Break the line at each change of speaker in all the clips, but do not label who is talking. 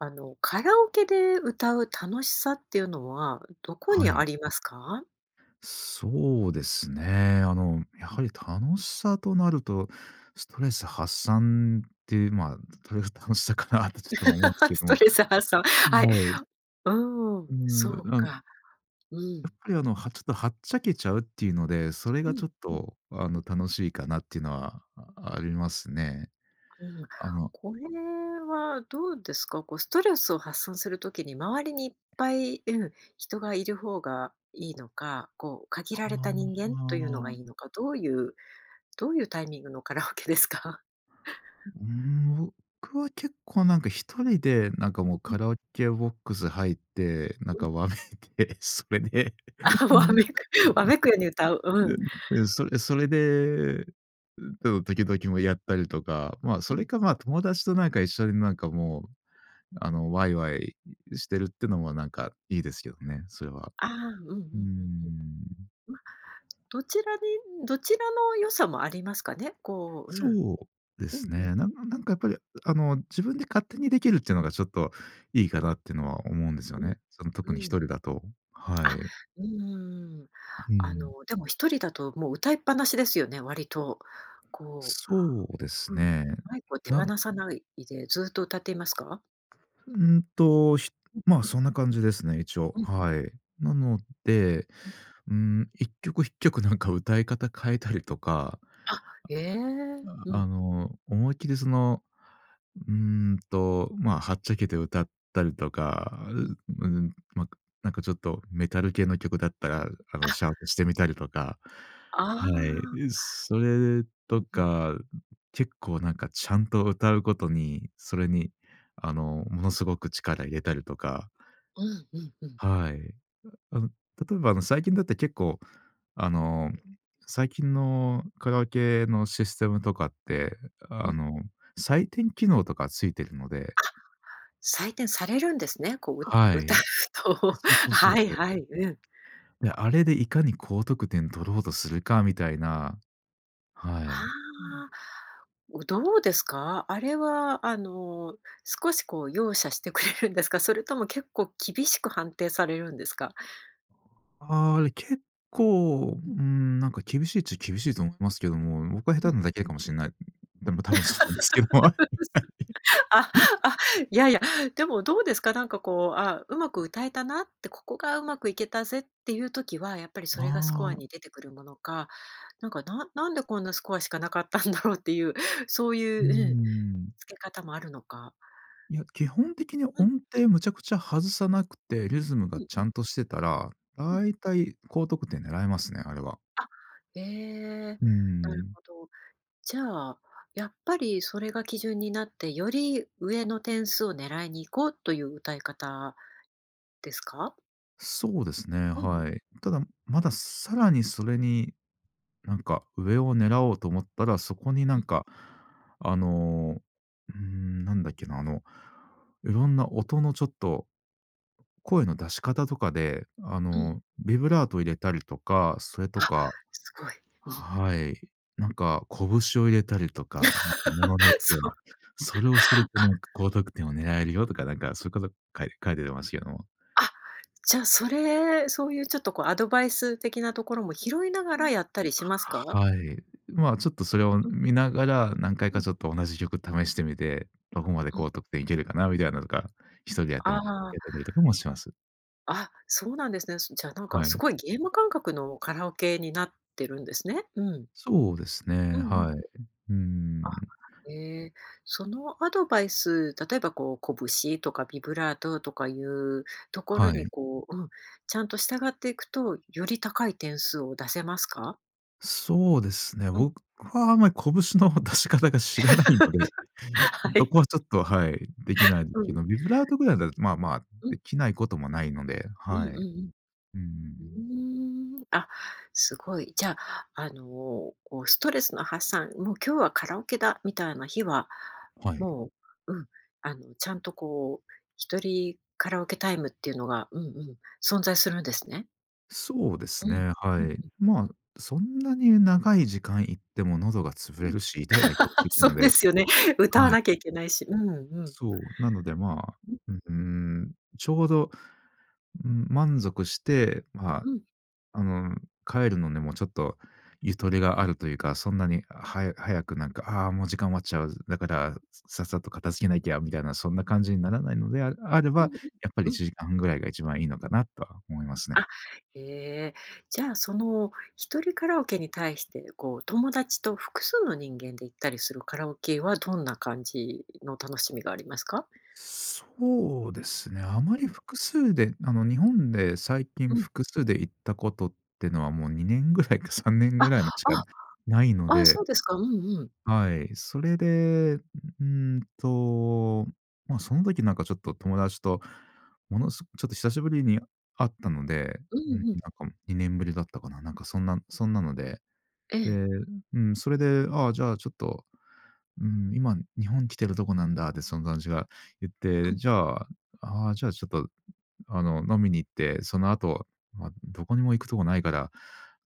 あの、カラオケで歌う楽しさっていうのはどこ
は
に
い。
ありますか？
そうですね。あの、やはり楽しさとなると、ストレス発散っていう、まあ、たたの楽しさかなってちょっと思うんです け
ス
ど。
ト
は
レス発散。はい、
い。
うーん、
うー
そ
ん、
う
なん
か。う
やっ
ん。
ぱり、あの、はちょっとはっちゃけちゃうっていうので、それ
う
が
ん、
ちょっ
うん
とあの楽しいかなっていうのは、あありますね。
うん、
あの
これはどうですか、こう、ストレスを発散する時に周りにいっぱい、うん、人がいる方がいいのか、こう、限
あ
ら
あ、
れた人間というのが
あ。
いいのか、どういうどういうタイミングのカラオケですか？
ん、うーん、僕は結構なんか一
うん。
人でなんかもう
うん。
カラオケボックス入って、なん
うん。
かわめいて、それで
あ、わめく、わめくように歌う、うん。
それそれで、んと、時々もやったりとか、ま、
う
それ
ん。
かま、友達となんか、一緒になんか、もうあのワイワイしてるってのも、なんかいいですけどね、それは。
ああ、うんうんうん
うー
うん。
ん。
まあ、どちらでどちらの良さもありますかね、こう、うん、
そうで
う
す
んうん。
ね。なんなんなんかやっぱり、うあの自分で勝手にできるっていうのがちょっと、いいかなってのは思うんですよ
うん、
ね。その、特
う
に一
ん。
人だと。は
あ、
い。
うんうんうん、
う
あ
ん。
のでも一人だともう歌いっぱなしですよね、割と、こ
そうです
ううん、
ね。
マイクを手
なん
放さないでずっと歌っていますか？
うんと、ひ
うん。
まあ、そんな感じですね、一応、
うんうん。
はい。なので、
うん。
うーん、一曲一曲なんか歌い方変えたりとか、
あ、え！
あ
う
あ
ん。
の、思いっきりその、うーんと、まあ、はっちゃけて歌ったりとか、
うん。
ううん、ま、なんかちょっとメタル系の曲だったら、あ
あ。
の、シャウトしてみたりとか、
あ
はい。
あ。
うす、それ
うん、
と
ふん。
か、結構なんかちゃんと歌うことに、それに、あの、ものすごく力入れたりとか。
うわ、うんうん。
はい。あの、例えばあの、最近だって、結構あの、最近のカラオケのシステムとかって、
う
あ
ん。
の、採点機能とかついてるので。
あ、採点されるんですね、こう、う
は
歌
い。
うと、
そうそうそう
はい
そう。
はい、うん。
で、あれでいかに高得点取ろうとするかみたいな。
あ
はい。
あ。おどうですか？あれはあの、少しこう容赦してくれるんですか？それとも結構厳しく判定されるんですか？
ああ、あれ、結構、う
うん。
ーん、なんか厳しいっちゃ厳しいと思いますけども、僕は
うん
下手な
うん。
だけかもしんない。でも、多分そうなんですけども、あ、い、
あ、
はい。
あ、やや、でも、どうですか？なんかこう、あ、うまく歌えたなって、ここがうまくいけたぜっていう時は、やっぱりそれがスコ
あ
ア
あ。
に出てくるものか、なんか、ななんでこんなスコアしかなかったんだろうっていう、そう
うー
いううん、
ん。
つけ方もあるのか。
いや、基本的に
うん。
音程むちゃくちゃ外さなくて、リズム
う
が
ん、
ち
ふん。
ゃんとしてたら、
うん。
大体高得点狙えますね、あれは。
あ、ええ、
うー
なる
ん。
ほど。じゃあ、やっぱりそれが基準になって、より上の点数を狙いに行こうという歌い方ですか？
そうですね、
うん、う
はい。ただ、まださらにそれに、なんか上を狙おうと思ったら、そこにな
う
ん
ん。
か、あの、うーん、なんだっけな、あの、色んな音のちょっと、声の出し方とかで、あ
うん。
の、ビブラート入れたりとか、それと
あ、
か
すごい。うん。
はい、なんかこぶしを入れたりとか、なんか物によっ て
そう。
は、それをする と
あ。
なんか高得点を狙えるよとかなんかそういうこと書い書いてますけども。
あ、じゃ、それ、そういうちょっとこう、アドバイス的なところも拾いながらやったりしますか？
はい。まあ、ちょっとそれを
うん。
見ながら、何回
う
か
ん。
ちょっと同じ曲試してみて、どこまで
うん。
高得点いけるかな？みたいなとか、一人でやっ
あ
てもえ
あ。
やってみるとかもします。
あ、そうなんですね、すじゃ、なんか、
は
す
い。
ごいゲーム感覚のカラオケになってるんですね。うん。
そうです
う
ね、
んうん。
はい。うー
あ、
ん。
え、そのアドバイス、例えばこう、こぶしとかビブラートとかいうところ
は
に、
い。
こう、うん、ちゃんと従っていくと、より高い点数を出せますか？
そうですね。
うん。
僕は、あまり、こぶしの出し方が知らないので、
は
どこは、
い。
ちょっと、はい、できないです
う
け
ん。
ど、ビブラートぐらいだと、まあまあ
う
で
ん。
きないこともないので、
うん
はい。
うん
う
う
ん。
ん。うーん、あ、すごい。じゃ、あの、こう、ストレスの発散「もう、今日はカラオケだ」みたいな日は、
はい。
もう、うん、あの、ちゃんと、こう、一人カラオケタイムっていうのが、うんうん、存在するんですね。
そうで
う
す
ん。
ね。
う
は
ん
い。
うん。
まあ、そんなに長い時間行っても喉が潰
う
れ
ん。
るし、痛いだけだ しってい
そ
うの
う
で
ですよね。歌わ
はい。
なきゃいけないし。うんうん。
そう。なので、まあ、ううーん、ちょうど、うん、満足して、まあ、
うん。
あの、帰るのにも、ちょっと、ゆとりがあるというか、そんなに早早く、なんか「ああ、もう、時間終わっちゃう。だから、ささっさと片付けなきゃ」みたいな、そんな感じにならないので、あれあれば、
うんうん。
やっぱり、
う
い
ん。
ちじかんぐらいが、一番いいのかなっとは思いますね。
あ、ええ、じゃあ、その、一人カラオケに対して、こう、友達と複数の人間で行ったりするカラオケは、どんな感じの楽しみがありますか？
そうですね。あま
う
り
ん。
複数で、あの、日本で最
う
近、
ん。
複数で行ったことってのは、もう、2年ぐらいか、3年
あっ、
ぐらいましか
あ
ないの
あ。あ、
で。
そうですか。うんうん。
はい。それで、うーんと、ま、その時なんか、ちょっと友達と、ものすごちょっと、久しぶりに会ったので、
う
うん、なん
んうん。
か、もう2年ぶりだったかな？なんか、そんなそんなので。
え
で、
え。
ううん、それで、ああ、じゃあ、ちょっと、うん「今、日本来てるどこなんだ」で、その友達が言っ
う
て、
ん。
じゃあ、ああ、じゃあ、ちょっと、あの、飲みに行って、その後、ま、どこにも行くとこないから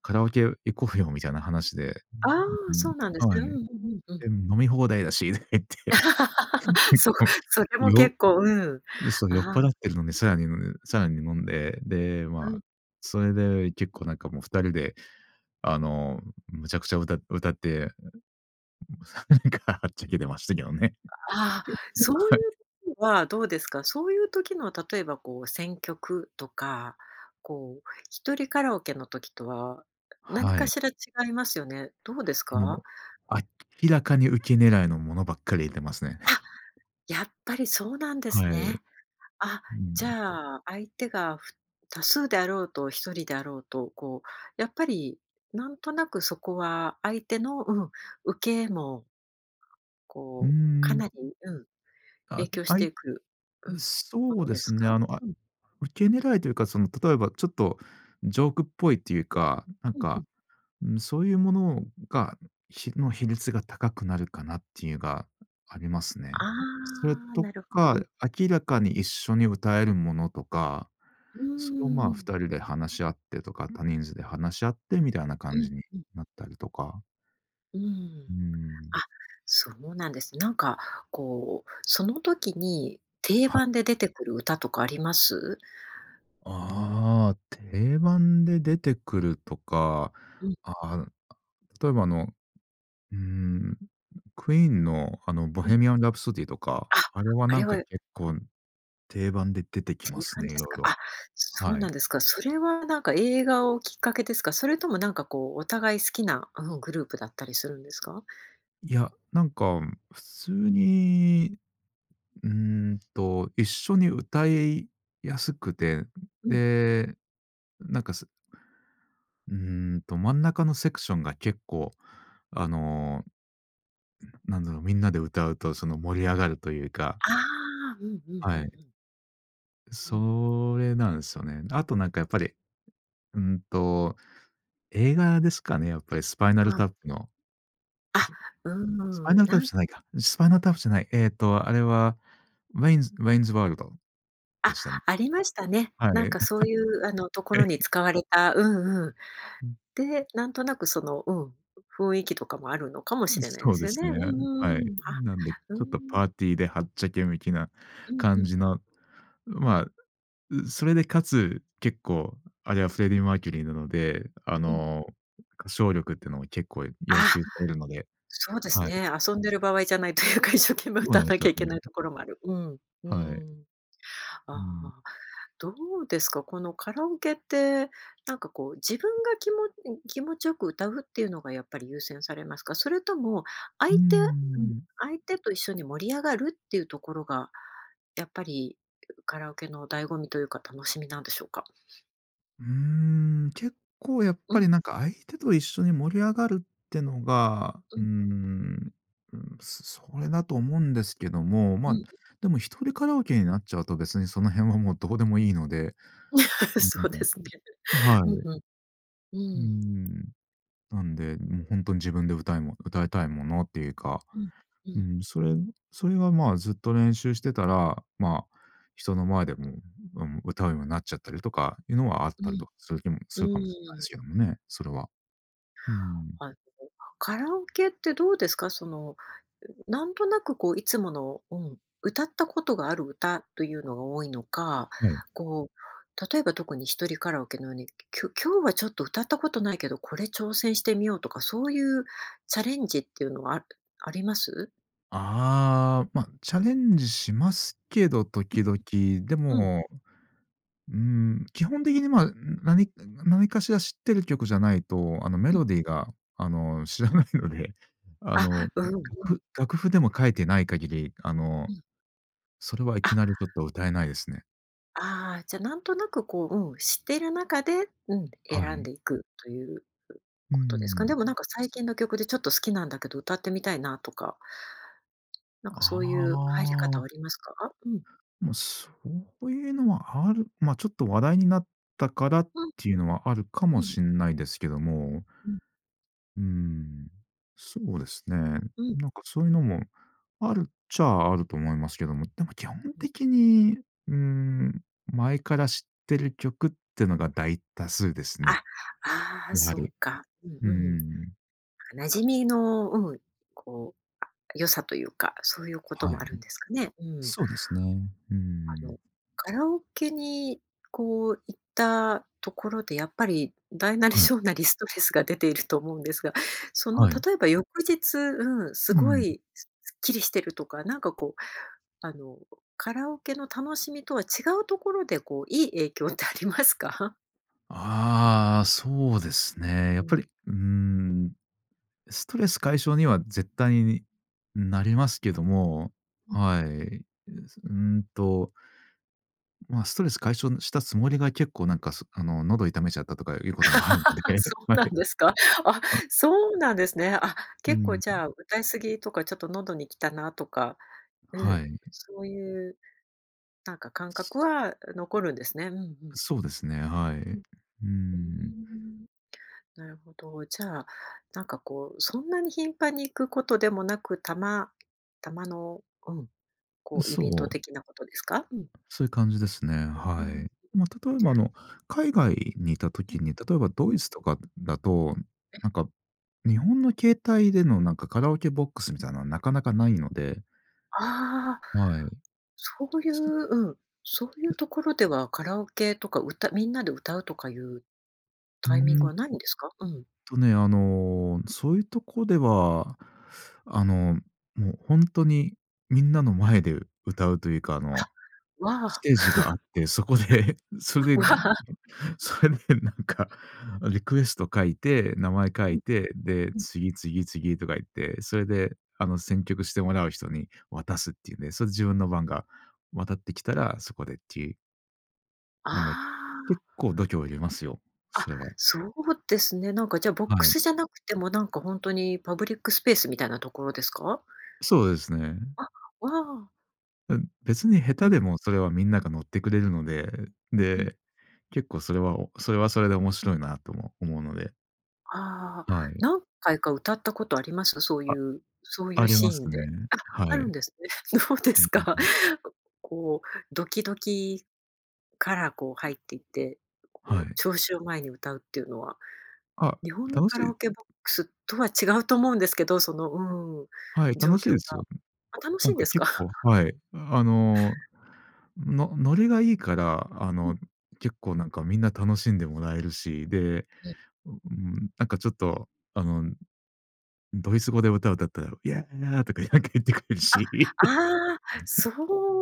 「カラオケ行こうよ」みたいな話で、
ああ、
うん、う
そうなんで
う
す
ん。は
ね。
い。
うんう
で、
んうんうん。
飲み放題だしって言って、
そ それも
よ
結構、うん、
で、そう、酔っ
ああ。
払ってるので、さらに、むさらに、もんで、で、
う
ま
ん。
あ、それで、結構、なんか、もう、二人で、あの、無茶苦茶、歌、歌って。なんか、はっちゃけてましたけどね。
がああ、そうい
はい。
う はどうですか？そういう時の例えば、こう、選曲とか、こう、一人カラオケの時とは、何
は
か
い。
しら違いますよね。どうですか？
もう、明らかにうけ狙い
うん。
のものばっかり入れますね。
あ、やっぱりそうなんです
は
ね。
い。
あ、
う
じ
ん。
ゃあ、相手が、ふ多数であろうと、一人であろうと、こう、やっぱり、なんとなくそこは相手の、うん、うけも、
うー
こう、かな
ん。
り、うん、
あ、
影響し
あ
て
い
いく、うん、も
そう
の
で
です
すね。
か？
あの、あ
うん。
うけ狙いというか、その、例えば、ちょっと、ジョークっぽいっていうか、なん
うんう
か、
ん。
うん、そういうものが、ひの比率が高くなるかなっていうがあります
あ
ね。それ
あ、
と
なるほど。
か
うん。
明らかに一緒に歌えるものとか、
うー
そ、ま
ん、
あ、
う
二
ん。
人で話し合ってとか、多人数で話し合ってみたいな
う
感
ん
じに
うん。
なったりとか。
うー
うー
ん、
ん。
あ、そうなんです。なんか、こう、その時に定
はい。
番で出てくる歌とかあります？
ああ、定番で出てくるとか、
うん。
あう、あ、例えば、あの、うーん。Queen の、あの、
うん。
Bohemian Rhapsody とか、
あ、
あれは、
あ
な
れ
んか、
は
けっこん、定番で出てき
そうい
ま
う
す
感じ
ね、い
です
ろい
か？あ、
ろ、
そう
は
な
い。
んですか。それは、なんか、映画をきっかけですか？それとも、なんか、こう、お互い好きな、うん、グループだったりするんですか？
いや、なんか、普通に、うーんと、一緒に歌いやすくて、
うん。
で、なんか、すうーんと、真ん中のセクションが結構、あのなんだろう、みんなで歌うと、その、盛り上がるというか。
ああ、うんうんうんう
はい。
ん。うん。
それなんすよね。あと、なんか、やっぱり。うんと、映画ですかね、やっぱり、Spinal
うん。
Tap の、う
あ、
す、
うーん、
Spinal
な
Tap じ
ん
ゃないか。Spinal Tap じゃない、えっと、あれは、Wayne's Wayne's World で
あ、
したん。
ありましたね。
は
な
い。
んか、そういう、あの、とこ
へ
ろに
い。
使われた、うんうん、
うん。
で、なんとなく、その、うん、雰囲気とかもあるのかも
う
し
ん、
れない
そ
で
う
す
で
よ
す
ね。う
ね。
ん、
は
う
い。
ーん。あ、
なんで、ち
うー
ょっと、
ん。
パーティーではっちゃけ向きな
うん、ふ
感
ん。
じの、ま、う、それで、かつ結構、あれは、Freddie Mercury なので、あ
うん。
の、歌唱力っていうのも、結構要
あ、
求されるので、
そうです
はい。
ね、遊んでる場合じゃないというか、一生懸命、
そう
歌
な
わ
んで
な
す
きゃ
よ
いけない
ね。
ところもある、うん、うー
はい。
ん。
うーん。
ああ、どうですか？この、カラオケって、なんか、こう、自分が、きもうん、気持ちよく歌うっていうのが、やっぱり優先されますか？それとも、
うー
相手うん。
ん。
相手と一緒に盛り上がるっていうところが、やっぱりカラオケの醍醐味というか楽しみなんでしょうか？
うーん、結構、やっ
う
ぱ
ん。
り、なんか、相手と一緒に盛り上がるってのが、う
う
ー
ん。
んうーん、それだと思うんですけども、
う
ま、
ん。
でも、1人カラオケになっちゃうとですね、その辺は、もう、どうでもいいので、う
そうで
ん。
すね。
は
うん
い。
うん、う
うー
ーん。
ん。なんで、ん、ほんとに、自分で、歌いも歌いたいものっていうか、
うん、う
う
ん。
ん、それそれは、まあ、ずっと練習してたら、ま、人の前でも、うん、歌うようになっちゃったりとかいうのは、あっ
う
たり
ん。
とかする気も
う
するかもしれない
ー
で
ん。
すけどもね、それは。うーん。
あの、カラオケってどうですか？その、なんとなく、こう、いつもの、うん、歌ったことがある歌というのが多いの
あ、
か、
はい。
こう、例えば、特に1人カラオケのように、きょ今日は、ちょっと、歌ったことないけど、これ、挑戦してみようとか、そういうチャレンジっていうのは、ああります？
ああ。ま、チャレンジしますけど、時々。で
うん。うん。
も、うーん。基本的に、まあ、何ん、何かしら知ってる曲じゃないと、あの、メ
うん。
ロディーが、あの、知らないので、あの、ん、
あ、
楽
うんうん。
譜楽譜でも書いてない限り、あの、
うん。
それはいき
あ。
なり、ちょっと歌えないですね。
ああ、じゃ何となくこう、うん、知ってる中で、うん、
は
選ん
い。
でいくという
うー
ことですか。
ん。
でもなんか、最近の曲でちょっと好きなんだけど、歌ってみたいな、とかなんかそ
あ
ういう入り方は
あ。
ありますか？うん。
ま、そういうのはあるま、ちょっと話題になったからっ
うん。
ていうのは、あるか
う
も
ん。
しんないですけども。
うん。
うん、そうですね。
うん。
なんかそういうのも、あるっちゃあると思いますけども、でも基本
うん。
的に、うーん、前から知ってる曲ってのが大多数ですね。
あ、ああ、
やは
そう
り、
か、うん
うん
う
うんうん。
ん。馴染みのうん、こう、あ、良さというかそういうこと
はい、
もあ
ん
るんですかね。うん。
そうですね。う
あの、
ん。
カラオケに、こう、行ったところでやっぱり大なり
はい。
小なりストレスが出ていると思うんですが、その
はい。
例えば翌日、うん、す
う
ご
ん、ん。
い、すすっきりしてるとか、なんかこう、あの、カラオケの楽しみとは違うところで、こう、いい影響ってありますか？
ああ、そうですね。や
う
っぱ
ん。
り、うーん、ストレス解消には絶対に、うん、なりますけども、
うん。
はい。うんとまあ、ストレス解消んしたつもりが結構、なんかすあの喉痛めちゃったとかいうこともあるので、
そう
はい。
な
え、
んですか？あ、
あ
そうなんですね。あ、
う
結構
ん。
じ
ん。
ゃあ、歌い過ぎとかちょっと喉に来たなとか、う
は
ん、
い。ん。
そういうなんか感覚は残るんですね。うんうん。
そうですね、は
うん、
い。う
うー
ん。
ん。なるほど、じゃあ、なんかこう、そんなに頻繁に行くことでもなく、たまたまの、うん、こうイベント
そう。
的なことですか？うん。
そういう感じですね。
うん、う
は
ーん。
い。ま、例えば、あの、海外にいた
うん、
時に、例えば
う
ドイ
ん。
ツとかだと、
ええ。
なんか、日本の形態でのなんか、カラオケボックスみたいなのはなかなかないので
ああ。
はい。
そういう
す
うん、そういう
う
ところではカラオケとか、歌みんなで歌うとかいう、
うー
タイミング
ん。
はないんですか？うん。
とね、あの、そういうとこでは、あの、もうほんとに、みんなの前で歌うというかあの、
あ、わ
ス
あ。
テージがあって、そこで、そ れ
わ
で
あ。
それでなんか、あ、リクエスト書いて、名前書
う
い
ん、
て、で、
うん。
次、次、次とかいって、それであの、選曲してもらう人に渡すっていうんで、それで自分の番が渡ってきたらそこでっていう。なんがい、
ああ。
結構度胸いりますよ、
あ、
それは。
そうですね。なんかじゃボック
はい。
スじゃなくてもなんか本当にパブリックスペースみたいなところですか？
そうですね。
あ、わあ。
な別に下
う
手
ん。
でもそれはみんなが乗ってくれるので、
うん。
で、結構それは、をそれはそれで面白いなとも思うので。
あ、
はい。
何回か歌ったことあります？そうい
あ、
うそういう
あり
シ
ま
ーン
すね。
で、あ、
は
あるん
い。
ですね。どうで
うん
す
うん
か、
うん。
こう、ドキドキからこう入っていって、こ
は
う
い。
聴衆を前に歌うっていうのは。
あ、
日本の
楽し
カラオ
い。
ケボックスとは違うと思うんですけど、そのうん、
はい、
状
楽しい
況が、
ですよ。
あ、楽し
なん
いん
か
ですか？
結構、はい。あの、のノリがいいから、あ
うん。
の、結構なんかみんな楽しんでもらえるし、で、
え。
うん。なんかちょっとあの、ドイツ語で歌、歌ったらヤーとかなんか言ってくれる
あ、
し。
ああ、そ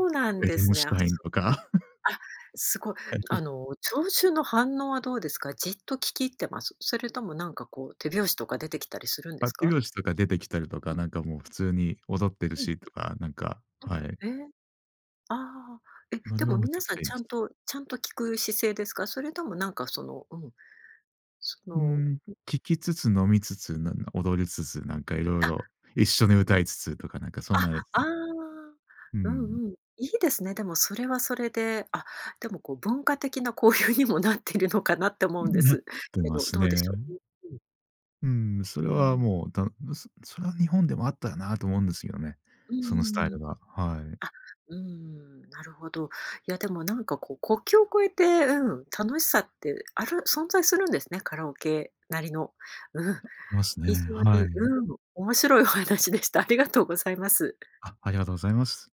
うなん
え、
ですね。あ、
Rammstein
そ、
とか。
あ、すごい。
はい。
あの、聴衆の反応はどうですか？じっと聞き入ってます？それともなんかこう手拍子とか出てきたりするんで
あ、
す
手
か？
拍子とか出てきたりと
う
か、
ん。
なんかもう普通に踊ってる
うん。
しとか、なんか、はい。
うん、ええ、ああ、え、
ノ
で
リは
も
むち
皆
ゃく
さ
ち
ん
ゃいい
ち
で
ゃ
す。
んとちゃんと聞く姿勢ですか？それともなんかその、うん。そ
う
の。
ん。
う。
聴きつつ飲みつつ、なんな踊りつつ、なんか色
あ。
々一緒に歌いつつとかなんかそ
あ、
んなです
ああ、
ね。う
う
ん。
んうん、いいですね。でもそれはそれで。あ、でもこう文化的な交流にもなっているのかなって思
う
うんで
ん、なっ
す
て
け
ま
ど、
す
どうでしょう？
ね。
う、うん。
うん、それ
う
は
ん。
もう、だんそそれは日本でもあったらなと思うんですよね。
うー
そのスタイ
ん。
ルが。はい。
あ、うん。なるほど。いやでもなんかこう、国境を越えて、うん、楽しさってある存在するんですね、カラオケなりの。うん、
ありますね。
非常
は
に、
い。
うん、面白いお話でした。ありがとうございます。
あ、ありがとうございます。